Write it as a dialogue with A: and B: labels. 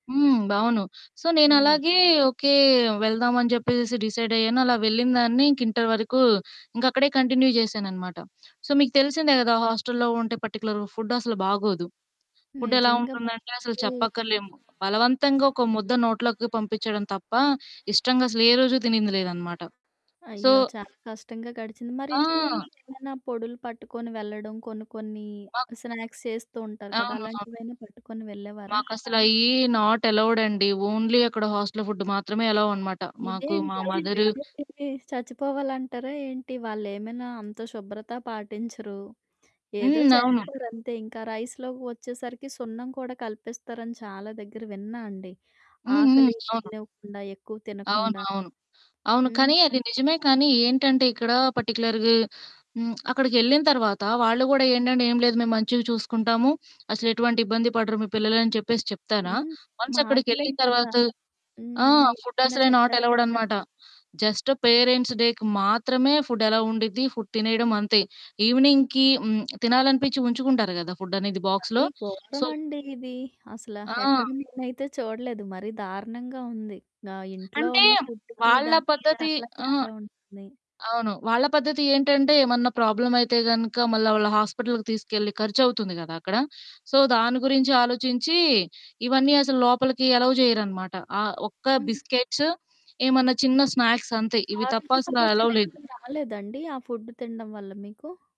A: హ్మ్. అవును. సో
B: హ్మ్.
A: నేనలాగే ఓకే. వెళ్దామని చెప్పేసేసి డిసైడయ్యాను. అలా వెళ్ళినదాన్ని ఇంక ఇంటర్ వరకు ఇంకక్కడే కంటిన్యూ జేశాననమాట. సో మీకు తెలిసిందే కదా! హాస్టల్‌లో ఉంటే పర్టిక్యులర్‌గా ఫుడ్డు అసలు బాగోదు. ఫుడ్డు ఎలా
B: నిజంగా.
A: ఉంటుందంటే అసలు
B: బాగు
A: చెప్పక్కర్లేము. బలవంతంగా ఒక ముద్ద నోట్లకి పంపిచ్చడం తప్ప ఇష్టంగా అసలే రోజూ తినింది లేదనమాట. సో
B: అయ్యో! చాలా కష్టంగా గడిచింది. మరి
A: ఆ!
B: ఇంటి నుంచి ఏమైనా పొడులు పట్టుకొని వెళ్ళడం. కొన్ని కొన్ని
A: మాక్
B: స్నాక్స్ చేస్తూ ఉంటారు కదా!
A: అవును. అవును.
B: అలాంటివైనా పట్టుకొని వెళ్ళేవారా?
A: మాకసలయి నాట్ అలౌడండి. ఓన్లీ అక్కడ హాస్టల్ ఫుడ్డు మాత్రమే అలో అనమాట. మాకు మా
B: ఇదేంటి అక్కడ
A: మదరు
B: పెట్టేది తిని చచ్చిపోవాలంటారా ఏంటి? వాళ్ళేమైనా అంత శుభ్రత పాటించరు? ఏదో
A: హ్మ్. అవును.
B: చేస్తారంతే. ఇంకా రైస్‌లోకి వచ్చేసరికి సున్నం కూడా కలిపిస్తారని చాలా దెగ్గర విన్నా అండి.
A: హ్మ్. హ్మ్.
B: ఆకలి
A: అవును.
B: వేయనివ్వకుండా ఎక్కువ
A: అవును.
B: తినకుండా.
A: అవును. అవును.
B: హ్మ్.
A: కానీ అది నిజమే కానీ ఏంటంటే ఇక్కడ పర్టిక్యులర్‌గా హ్మ్. అక్కడికెళ్ళిన తర్వాత వాళ్ళు గూడా ఏండంటే ఏం లేదు మేము మంచిగా చూసుకుంటాము. అసలెటువంటి ఇబ్బంది పడరు మీ పిల్లలు అని చెప్పేసి చెప్తారా?
B: హ్మ్.
A: వన్స్
B: మాటలే
A: అక్కడికెళ్ళిన
B: కదా!
A: తర్వాత ఆ!
B: హ్మ్.
A: ఫుడ్డు
B: ఏదైనా
A: అసలే
B: చెప్పేస్తారా?
A: నాటెలవుడనమాట. జస్టు పేరెంట్స్ డేకి మాత్రమే ఫుడ్డు అలో ఉండిద్ది ఫుడ్ తినేయడం అంతే. ఈవెనింగ్‌‌కి హ్మ్. తినాలనిపిచ్చి ఉంచుకుంటారు గదా! ఫుడ్డనేది బాక్స్‌లో.
B: మరి
A: సో
B: ఘోరమండి ఇది. అసలా
A: ఆ!
B: ఎక్కడ నేనైతే చూడలేదు. మరి దారుణంగా ఉంది. ఆహ్, ఇంట్లో
A: అంటే
B: ఉన్న ఫుడ్డుకి
A: వాళ్ళ
B: దానికి
A: పద్ధతి
B: చాలా
A: ఆహా!
B: తేడా ఉంటుంది.
A: అవును. వాళ్ళ పద్ధతి ఏంటంటే ఏమన్నా ప్రాబ్లమ్ అయితే గనక మళ్ళీ వాళ్ళ హాస్పిటల్‌కి తీసుకెళ్ళి ఖర్చువుతుంది కదా! అక్కడ. సో దాని గురించి ఆలోచించి ఇవన్నీ అసలు లోపలికి ఎలవ్ జేయరనమాట. ఆహ్, ఒక్క
B: హ్మ్.
A: బిస్కెట్స్ ఏమన్నా చిన్న స్నాక్స్ అంతే. ఇవి తప్ప
B: ఆరోగ్య
A: అసలు అలవ్‌లేదు.
B: సమస్యలెప్పుడూ రాలేదండి. ఆ ఫుడ్డు తినడం వల్ల మీకు?